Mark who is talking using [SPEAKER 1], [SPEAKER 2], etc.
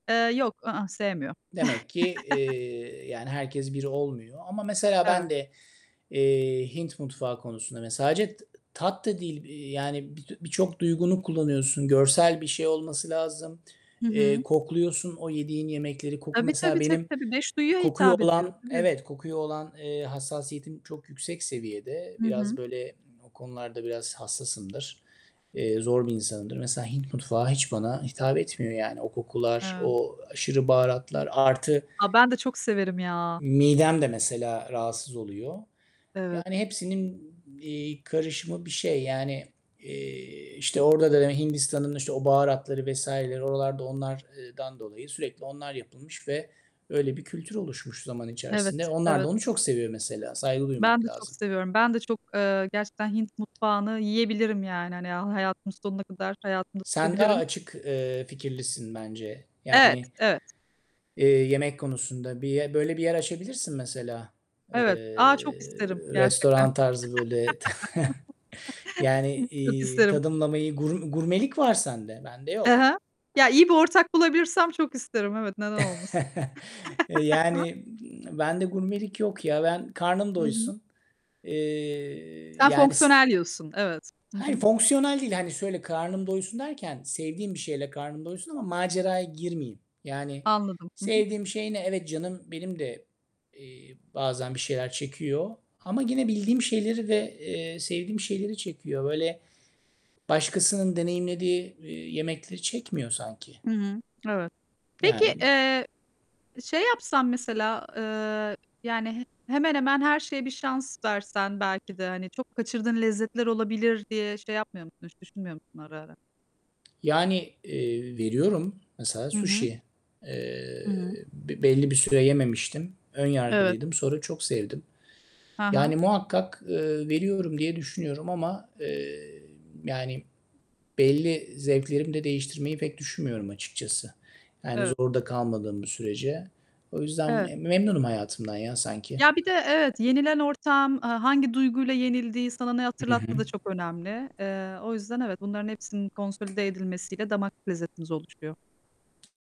[SPEAKER 1] Eee, yok. I ıh. Sevmiyorum.
[SPEAKER 2] Demek ki, eee, yani herkes bir olmuyor ama mesela ben
[SPEAKER 1] Evet.
[SPEAKER 2] de, eee, Hint mutfağı konusunda mesela sadece tı tat da değil, eee, yani, bitü birçok duygunu kullanıyorsun. Görsel bir şey olması lazım.
[SPEAKER 1] Hı
[SPEAKER 2] Eee,
[SPEAKER 1] hı.
[SPEAKER 2] kokluyorsun o yediğin yemekleri. Koku
[SPEAKER 1] Tabii,
[SPEAKER 2] mesela
[SPEAKER 1] tabii, tabii,
[SPEAKER 2] benim
[SPEAKER 1] tabii. 5 duyuya
[SPEAKER 2] kokuya
[SPEAKER 1] hitap ediyor,
[SPEAKER 2] olan
[SPEAKER 1] tabii.
[SPEAKER 2] Evet, kokuyu olan, eee, hassasiyetim çok yüksek seviyede.
[SPEAKER 1] Hı
[SPEAKER 2] Biraz,
[SPEAKER 1] hı.
[SPEAKER 2] böyle, o konularda biraz hassasımdır. Eee, zor bir insanımdır. Mesela Hint mutfağı hiç bana hitap etmiyor yani. O kokular,
[SPEAKER 1] Eee
[SPEAKER 2] o aşırı baharatlar artı
[SPEAKER 1] A, ben de çok severim ya!
[SPEAKER 2] midem de mesela rahatsız oluyor.
[SPEAKER 1] Evet.
[SPEAKER 2] Yani hepsinin, iii, karışımı bir şey. Yani, eee, işte, orada da, hani, Hindistan'ın, işte, o baharatları vs.leri oralarda onlar eee, dan dolayı sürekli onlar yapılmış ve öyle bir kültür oluşmuş zaman
[SPEAKER 1] Evet,
[SPEAKER 2] içerisinde. Onlar da onu
[SPEAKER 1] evet.
[SPEAKER 2] çok seviyor mesela. Saygı
[SPEAKER 1] Ben
[SPEAKER 2] duymak
[SPEAKER 1] de çok
[SPEAKER 2] lazım.
[SPEAKER 1] seviyorum. Ben de çok, eee, gerçekten Hint mutfağını yiyebilirim yani. Hani, ha hayatımın sonuna kadar hayatımda
[SPEAKER 2] Sen daha
[SPEAKER 1] tutabilirim.
[SPEAKER 2] açık, eee, fikirlisin bence.
[SPEAKER 1] Evet,
[SPEAKER 2] Yani
[SPEAKER 1] evet.
[SPEAKER 2] eee, yemek konusunda bir, eee, böyle bir yer açabilirsin mesela. Eee,
[SPEAKER 1] Evet. A, çok isterim gerçekten.
[SPEAKER 2] restoran tarzı, böyle, yani,
[SPEAKER 1] Çok
[SPEAKER 2] iii,
[SPEAKER 1] isterim.
[SPEAKER 2] tadımlamayı, gurm gurmelik var sende. Bende
[SPEAKER 1] Hı
[SPEAKER 2] yok.
[SPEAKER 1] hı. Ya, iyi bir ortak bulabilirsem çok isterim. Evet, neden olmasın?
[SPEAKER 2] E, yani, bende gurmelik yok ya. Ben karnım
[SPEAKER 1] Hı hı.
[SPEAKER 2] doysun. Eee,
[SPEAKER 1] Sen
[SPEAKER 2] yani s
[SPEAKER 1] fonksiyonel yiyorsun. Evet. Hı
[SPEAKER 2] Hayır
[SPEAKER 1] hı.
[SPEAKER 2] fonksiyonel değil. Hani, şöyle karnım doysun derken sevdiğim bir şeyle karnım doysun ama maceraya girmeyeyim. Yani,
[SPEAKER 1] Anladım. Hı hı.
[SPEAKER 2] sevdiğim şey ne? Evet, canım benim de, eee, bazen bir şeyler çekiyor ama gene bildiğim şeyleri ve, eee, sevdiğim şeyleri çekiyor. Böyle, başkasının deneyimlediği, eee, yemekleri çekmiyor sanki.
[SPEAKER 1] Hı hı. Evet. Peki,
[SPEAKER 2] Yani bi
[SPEAKER 1] eee, şey yapsan mesela, eee, yani, he hemen hemen her şeye bir şans versen belki de hani, çok kaçırdığın lezzetler olabilir diye şey yapmıyor musun? Hiç düşünmüyor musun ara ara?
[SPEAKER 2] Yani, eee, veriyorum, mesela
[SPEAKER 1] Hı hı.
[SPEAKER 2] suşi.
[SPEAKER 1] Hı
[SPEAKER 2] Eee,
[SPEAKER 1] hı.
[SPEAKER 2] bi belli bir süre yememiştim. Ön
[SPEAKER 1] Evet.
[SPEAKER 2] yargılıydım. Sonra çok sevdim.
[SPEAKER 1] Ha ha.
[SPEAKER 2] Yani, muhakkak, eee, veriyorum diye düşünüyorum ama, eee, yani, belli zevklerimi de değiştirmeyi pek düşünmüyorum açıkçası. Yani,
[SPEAKER 1] Eve
[SPEAKER 2] zorda kalmadığım bir sürece. O yüzden
[SPEAKER 1] Evet.
[SPEAKER 2] me memnunum hayatımdan ya sanki.
[SPEAKER 1] Ya, bir de evet, yenilen ortam, aaa, hangi duyguyla yenildiği, sana ne
[SPEAKER 2] Hı hı.
[SPEAKER 1] hatırlattığı da çok önemli. Eee, o yüzden evet, bunların hepsinin konsolide edilmesiyle damak lezzetimiz oluşuyor.